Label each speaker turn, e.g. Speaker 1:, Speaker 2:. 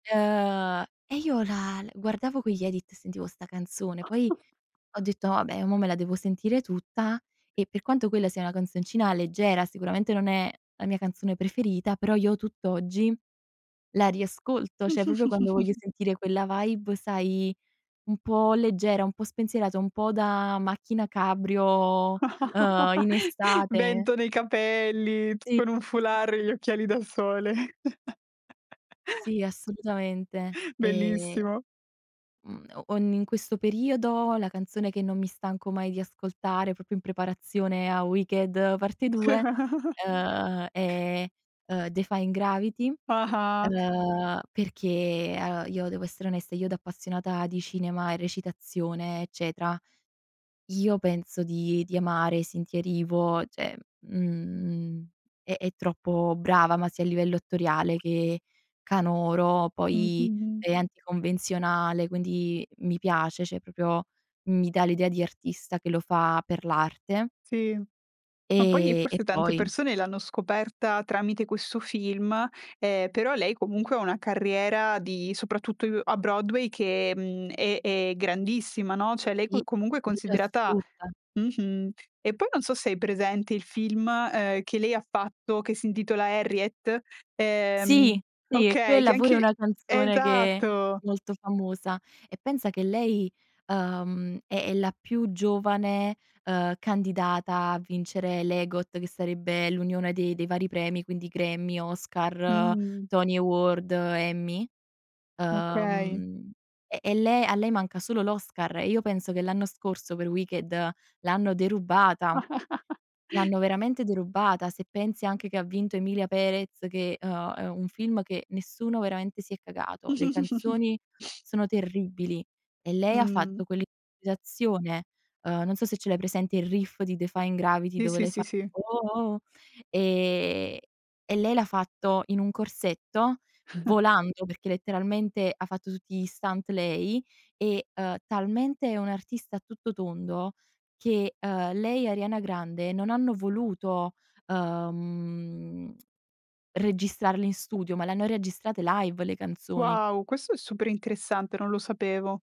Speaker 1: Ehm, e io la l guardavo quegli Edits e sentivo sta' canzone, poi
Speaker 2: [unintelligible]
Speaker 1: ho detto: "Vabbè mo' me la devo sentire tutta" e per quanto quella sia una canzoncina leggera, sicuramente non è la mia canzone preferita, però io tutt'oggi la riascolto, cioè proprio quando voglio sentire quella vibe, sai, un po' leggera, po' spensierata, un po' da macchina cabrio, uhm, in estate.
Speaker 2: Vento nei capelli, t
Speaker 1: Sì.
Speaker 2: con un
Speaker 1: Sì, sì,
Speaker 2: foulard
Speaker 1: sì.
Speaker 2: e gli occhiali da sole.
Speaker 1: Sì, assolutamente. Ehm,
Speaker 2: Bellissimo!
Speaker 1: mhmm, o in questo periodo la canzone che non mi stanco mai di ascoltare, proprio in preparazione a Wicked parte 2, uhm, è, ehm, Defying Gravity,
Speaker 2: Ah-ah.
Speaker 1: uhm, perché, uhm, io devo essere onesta, io da appassionata di cinema e recitazione eccetera, io penso di di amare Cynthia Erivo, cioè mhmm, è è troppo brava, ma sia a livello attoriale che canoro,
Speaker 2: Mh, mh,
Speaker 1: poi
Speaker 2: mh.
Speaker 1: è anticonvenzionale, quindi mi piace, cioè proprio mi dà l'idea di artista che lo fa per l'arte.
Speaker 2: Sì, ma poi e
Speaker 1: Ehm, e
Speaker 2: forse tante
Speaker 1: poi
Speaker 2: persone l'hanno scoperta tramite questo film, ehm, però lei comunque ha una carriera di soprattutto u a Broadway, che, mhmm, è è grandissima, no, cioè lei
Speaker 1: Sì,
Speaker 2: co comunque è
Speaker 1: [unintelligible]
Speaker 2: considerata
Speaker 1: assurda.
Speaker 2: mh-mh. E poi non so se hai presente il film, ehm, che lei fatto che si intitola Harriet, ehm
Speaker 1: Sì, qui e,
Speaker 2: okay, che
Speaker 1: quella pure
Speaker 2: anche
Speaker 1: è
Speaker 2: uhm,
Speaker 1: una canzone che è
Speaker 2: esatto!
Speaker 1: molto famosa e pensa che lei, uhm, è è la più giovane, ehm, candidata a vincere l'EGOT, che sarebbe l'unione dei dei vari premi, quindi Grammy, Oscar,
Speaker 2: Mh-mh.
Speaker 1: Tony Award, Emmy.
Speaker 2: Okay.
Speaker 1: Uhm, e e le a lei manca solo l'Oscar e io penso che l'anno scorso per Wicked l'hanno derubata, l'hanno veramente derubata se pensi anche che ha vinto Emilia Pérez che è uhm, è un film che nessuno veramente si è cagato. Le canzoni sono terribili e lei ha
Speaker 2: Mh.
Speaker 1: fatto quell'improvvisazione, uhm, non so se ce l'hai presente il riff di Defying Gravity
Speaker 2: Sì,
Speaker 1: dove
Speaker 2: sì,
Speaker 1: lei fa:
Speaker 2: sì, sì.
Speaker 1: "Uoh oh oh," ehm, e lei l'ha fatto in un corsetto, volando, perché letteralmente ha fatto tutti gli stunt lei, e, uhm, talmente è un'artista a tutto tondo che, uhm, lei e Arianna Grande non hanno voluto, uhm, registrarle in studio, ma le hanno registrate live le canzoni.
Speaker 2: Wow! Questo è super interessante, non lo sapevo.